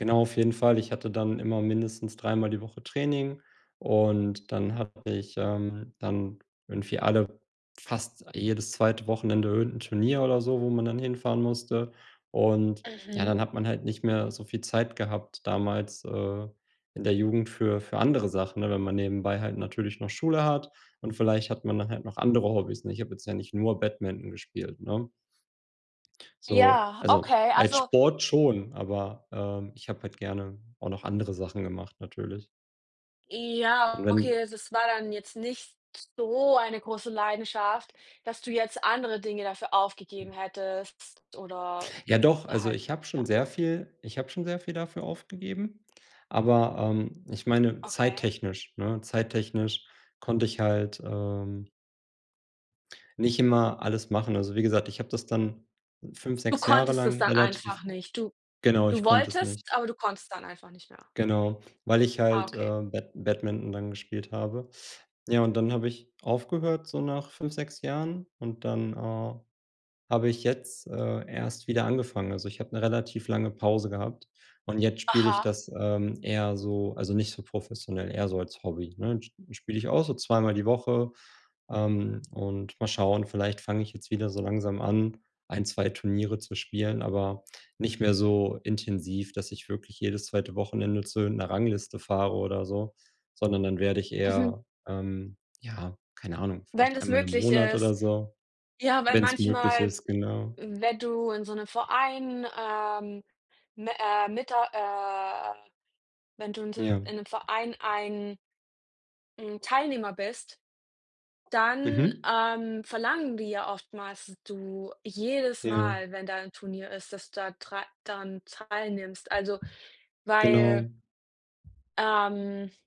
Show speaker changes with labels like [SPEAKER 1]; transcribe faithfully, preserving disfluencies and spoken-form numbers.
[SPEAKER 1] Genau, auf jeden Fall. Ich hatte dann immer mindestens dreimal die Woche Training und dann hatte ich ähm, dann irgendwie alle fast jedes zweite Wochenende irgend 'n Turnier oder so, wo man dann hinfahren musste. Und ja,
[SPEAKER 2] Mhm.
[SPEAKER 1] dann hat man halt nicht mehr so viel Zeit gehabt damals, äh, in der Jugend für für andere Sachen, ne? Wenn man nebenbei halt natürlich noch Schule hat und vielleicht hat man dann halt noch andere Hobbys. Ne, ich habe jetzt ja nicht nur Badminton gespielt, ne? So,
[SPEAKER 2] Ja,
[SPEAKER 1] also,
[SPEAKER 2] okay.
[SPEAKER 1] als
[SPEAKER 2] Also
[SPEAKER 1] Sport schon, aber, ähm, ich habe halt gerne auch noch andere Sachen gemacht natürlich. Und
[SPEAKER 2] Ja, okay.
[SPEAKER 1] wenn
[SPEAKER 2] Also, es war dann jetzt nicht so eine große Leidenschaft, dass du jetzt andere Dinge dafür aufgegeben
[SPEAKER 1] Ja.
[SPEAKER 2] hättest oder
[SPEAKER 1] Ja, doch, also,
[SPEAKER 2] halt
[SPEAKER 1] ich habe
[SPEAKER 2] ja.
[SPEAKER 1] schon sehr viel ich habe schon sehr viel dafür aufgegeben, aber, ähm, ich meine
[SPEAKER 2] Okay.
[SPEAKER 1] zeittechnisch, ne zeittechnisch konnte ich halt, ähm nicht immer alles machen. Also, wie gesagt, ich habe das dann fünf,
[SPEAKER 2] Du
[SPEAKER 1] sechs Jahre
[SPEAKER 2] konntest es
[SPEAKER 1] lang
[SPEAKER 2] dann
[SPEAKER 1] relativ
[SPEAKER 2] einfach nicht. Du
[SPEAKER 1] genau, ich
[SPEAKER 2] du
[SPEAKER 1] konnte es
[SPEAKER 2] wolltest,
[SPEAKER 1] nicht.
[SPEAKER 2] aber du konntest dann einfach nicht mehr.
[SPEAKER 1] Genau, weil ich
[SPEAKER 2] Ah,
[SPEAKER 1] halt, äh,
[SPEAKER 2] okay.
[SPEAKER 1] Bad Badminton dann gespielt habe. Ja, und dann habe ich aufgehört so nach fünf, sechs Jahren und dann, äh, habe ich jetzt, äh, erst wieder angefangen. Also, ich habe 'ne relativ lange Pause gehabt und jetzt spiele ich
[SPEAKER 2] Aha.
[SPEAKER 1] das, ähm, eher so also nicht so professionell, eher so als Hobby, ne? Sp-spiele ich auch so zweimal die Woche, ähm, und mal schauen, vielleicht fange ich jetzt wieder so langsam an, ein, zwei Turniere zu spielen, aber nicht mehr so intensiv, dass ich wirklich jedes zweite Wochenende zu irgend 'ner Rangliste fahre oder so, sondern dann werde ich
[SPEAKER 2] Mhm.
[SPEAKER 1] eher, ähm, ja, keine Ahnung,
[SPEAKER 2] Wenn
[SPEAKER 1] vielleicht
[SPEAKER 2] das
[SPEAKER 1] einmal im
[SPEAKER 2] möglich
[SPEAKER 1] Monat oder
[SPEAKER 2] ist,
[SPEAKER 1] so,
[SPEAKER 2] ja, weil
[SPEAKER 1] wenn's möglich
[SPEAKER 2] manchmal,
[SPEAKER 1] ist, genau.
[SPEAKER 2] wenn du in so 'nem Verein, ähm, m äh, mit der äh Wenn du in so m
[SPEAKER 1] Ja.
[SPEAKER 2] in 'nem Verein ein 'n Teilnehmer bist, dann,
[SPEAKER 1] Mhm.
[SPEAKER 2] ähm, verlangen die ja oftmals, dass du jedes
[SPEAKER 1] Ja.
[SPEAKER 2] Mal, wenn da 'n Turnier ist, dass da drei daran teilnimmst. Also, weil
[SPEAKER 1] Genau.
[SPEAKER 2] ähm